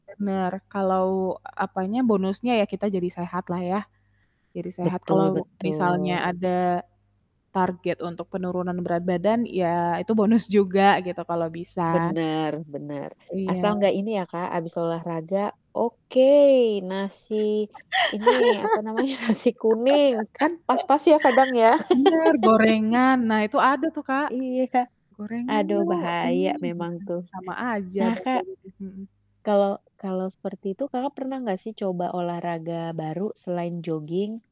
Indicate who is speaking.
Speaker 1: Bener, kalau apanya, bonusnya ya kita jadi sehatlah ya. Jadi sehat,
Speaker 2: Betul
Speaker 1: kalau misalnya
Speaker 2: betul.
Speaker 1: ada target untuk penurunan berat badan, ya itu bonus juga gitu kalau bisa.
Speaker 2: Bener bener. Asal
Speaker 1: Iya.
Speaker 2: nggak ini ya Kak, habis olahraga oke, nasi ini, apa namanya nasi kuning, kan pas-pas ya kadang ya?
Speaker 1: Bener, gorengan. Nah, itu ada tuh Kak,
Speaker 2: Iya.
Speaker 1: "Gorengan
Speaker 2: Aduh
Speaker 1: yuk
Speaker 2: bahaya
Speaker 1: sini," gitu,
Speaker 2: memang tuh.
Speaker 1: sama aja
Speaker 2: Nah
Speaker 1: dong
Speaker 2: Kak,
Speaker 1: kalau gitu, mhm.
Speaker 2: kalau kalau seperti itu Kakak, pernah enggak sih coba olahraga baru selain jogging?